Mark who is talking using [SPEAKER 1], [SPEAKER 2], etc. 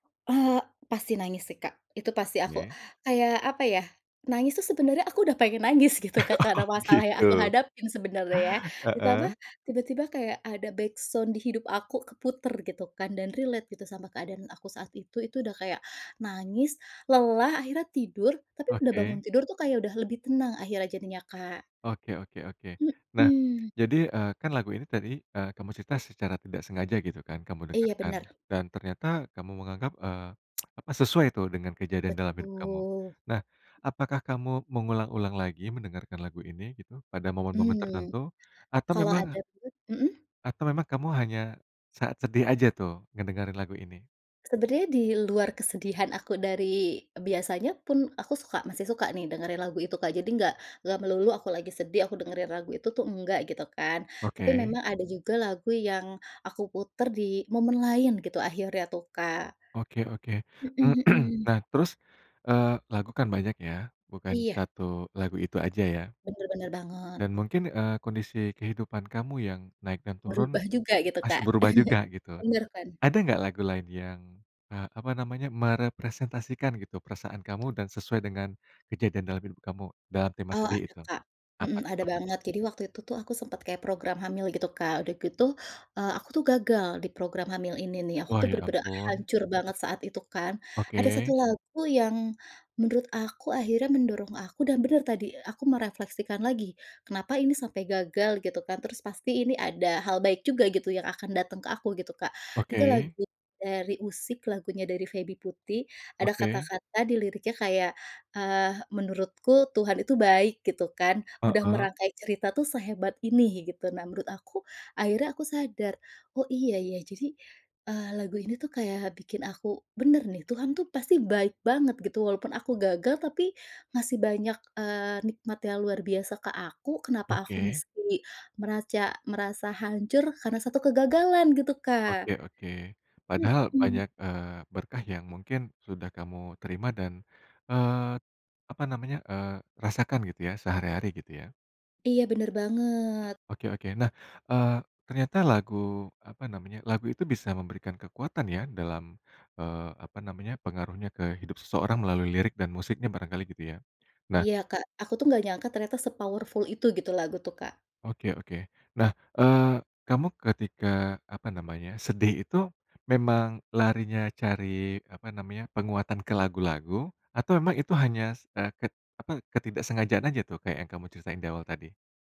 [SPEAKER 1] Eee, pasti nangis sih, Kak. Itu pasti aku
[SPEAKER 2] Oke.
[SPEAKER 1] kayak apa ya, nangis tuh sebenarnya aku udah pengen nangis gitu, Kak. Karena
[SPEAKER 2] Oh
[SPEAKER 1] masalah yang aku
[SPEAKER 2] gitu.
[SPEAKER 1] hadapin sebenarnya ya. Ditambah
[SPEAKER 2] Heeh.
[SPEAKER 1] tiba-tiba kayak ada backsound di hidup aku keputer gitu kan dan relate gitu sama keadaan aku saat itu. Itu udah kayak nangis, lelah, akhirnya tidur. Tapi udah bangun
[SPEAKER 2] Oke.
[SPEAKER 1] tidur tuh kayak udah lebih tenang akhirnya jadinya, Kak.
[SPEAKER 2] Oke oke oke. Nah
[SPEAKER 1] Mhm.
[SPEAKER 2] jadi, eee, kan lagu ini tadi, eee, kamu cerita secara tidak sengaja gitu kan kamu dengar
[SPEAKER 1] Iya,
[SPEAKER 2] kan
[SPEAKER 1] bener.
[SPEAKER 2] dan ternyata kamu menganggap, eee, apa, sesuai itu dengan kejadian dalam hidup kamu.
[SPEAKER 1] Betul.
[SPEAKER 2] Nah, apakah kamu mengulang-ulang lagi mendengarkan lagu ini gitu pada momen-momen
[SPEAKER 1] Mmm.
[SPEAKER 2] tertentu? Atau
[SPEAKER 1] Kalau ada
[SPEAKER 2] memang
[SPEAKER 1] [unintelligible] mhm?
[SPEAKER 2] atau memang, kamu hanya saat sedih aja tuh ngedengerin lagu ini?
[SPEAKER 1] Sebenarnya diluar kesedihan aku dari biasanya pun aku suka masih suka nih dengerin lagu itu Kak, jadi nggak enggak melulu aku lagi sedih aku dengerin lagu itu tuh enggak, gitu kan. Tapi
[SPEAKER 2] Oke.
[SPEAKER 1] memang ada juga lagu yang aku puter di momen lain gitu akhirnya tuh, Kak.
[SPEAKER 2] Oke oke.
[SPEAKER 1] Mhm mhm.
[SPEAKER 2] Nah terus, eee, lagu kan banyak ya, bukan
[SPEAKER 1] Iya.
[SPEAKER 2] 1 lagu itu aja ya.
[SPEAKER 1] Bener bener banget.
[SPEAKER 2] Dan mungkin, eee, kondisi kehidupan kamu yang naik dan turun.
[SPEAKER 1] Merubah juga gitu,
[SPEAKER 2] Pasti
[SPEAKER 1] Kak.
[SPEAKER 2] berubah juga gitu.
[SPEAKER 1] Bener kan.
[SPEAKER 2] Ada nggak lagu lain yang, eee, apa namanya, merepresentasikan gitu perasaan kamu dan sesuai dengan kejadian dalam hidup kamu, dalam tema
[SPEAKER 1] Eee,
[SPEAKER 2] sedih
[SPEAKER 1] ada,
[SPEAKER 2] itu?
[SPEAKER 1] Kak. Mhm,
[SPEAKER 2] Apa t
[SPEAKER 1] ada
[SPEAKER 2] apa?
[SPEAKER 1] banget. Jadi waktu itu tuh aku sempet kayak program hamil gitu, Kak. Udah gitu, eee, aku tuh gagal di program hamil ini nih. Aku
[SPEAKER 2] Wah
[SPEAKER 1] tuh
[SPEAKER 2] ya
[SPEAKER 1] bener-bener
[SPEAKER 2] ampun.
[SPEAKER 1] hancur banget saat itu kan. Ada 1
[SPEAKER 2] Oke.
[SPEAKER 1] lagu yang menurut aku akhirnya mendorong aku dan benar tadi aku merefleksikan lagi kenapa ini sampai gagal gitu kan. Terus pasti ini ada hal baik juga gitu yang akan datang ke aku gitu, Kak. Itu
[SPEAKER 2] Oke.
[SPEAKER 1] lagu dari Usik, lagunya dari Feby Putri. Ada
[SPEAKER 2] Oke.
[SPEAKER 1] kata-kata di liriknya kayak, eee, "Menurutku Tuhan itu baik," gitu kan. Udah
[SPEAKER 2] Heeh.
[SPEAKER 1] merangkai cerita tuh sehebat ini gitu. Nah menurut aku, akhirnya aku sadar, “Oh iya ya,” jadi, eee, lagu ini tuh kayak bikin aku bener nih, Tuhan tuh pasti baik banget gitu. Walaupun aku gagal, tapi masih banyak, eee, nikmat yang luar biasa ke aku. Kenapa aku
[SPEAKER 2] Oke.
[SPEAKER 1] mesti meraca merasa hancur karena 1 kegagalan gitu, Kak.
[SPEAKER 2] Oke oke. Padahal
[SPEAKER 1] Mhm.
[SPEAKER 2] banyak, eee, berkah yang mungkin sudah kamu terima dan, eee, apa namanya, eee, rasakan gitu ya sehari-hari gitu ya.
[SPEAKER 1] Iya, bener banget.
[SPEAKER 2] Oke oke, nah eee, ternyata lagu, apa namanya, lagu itu bisa memberikan kekuatan ya dalam, eee, apa namanya, pengaruhnya ke hidup seseorang melalui lirik dan musiknya barangkali gitu ya. Nah
[SPEAKER 1] Iya, Kak, aku tuh nggak nyangka ternyata se-powerful itu gitu lagu tuh, Kak.
[SPEAKER 2] Oke oke. Nah, eee, kamu ketika apa namanya sedih itu memang larinya cari apa namanya penguatan ke lagu-lagu atau memang itu hanya se ke apa, ketidak sengajaan aja tuh kayak yang kamu ceritain di awal tadi?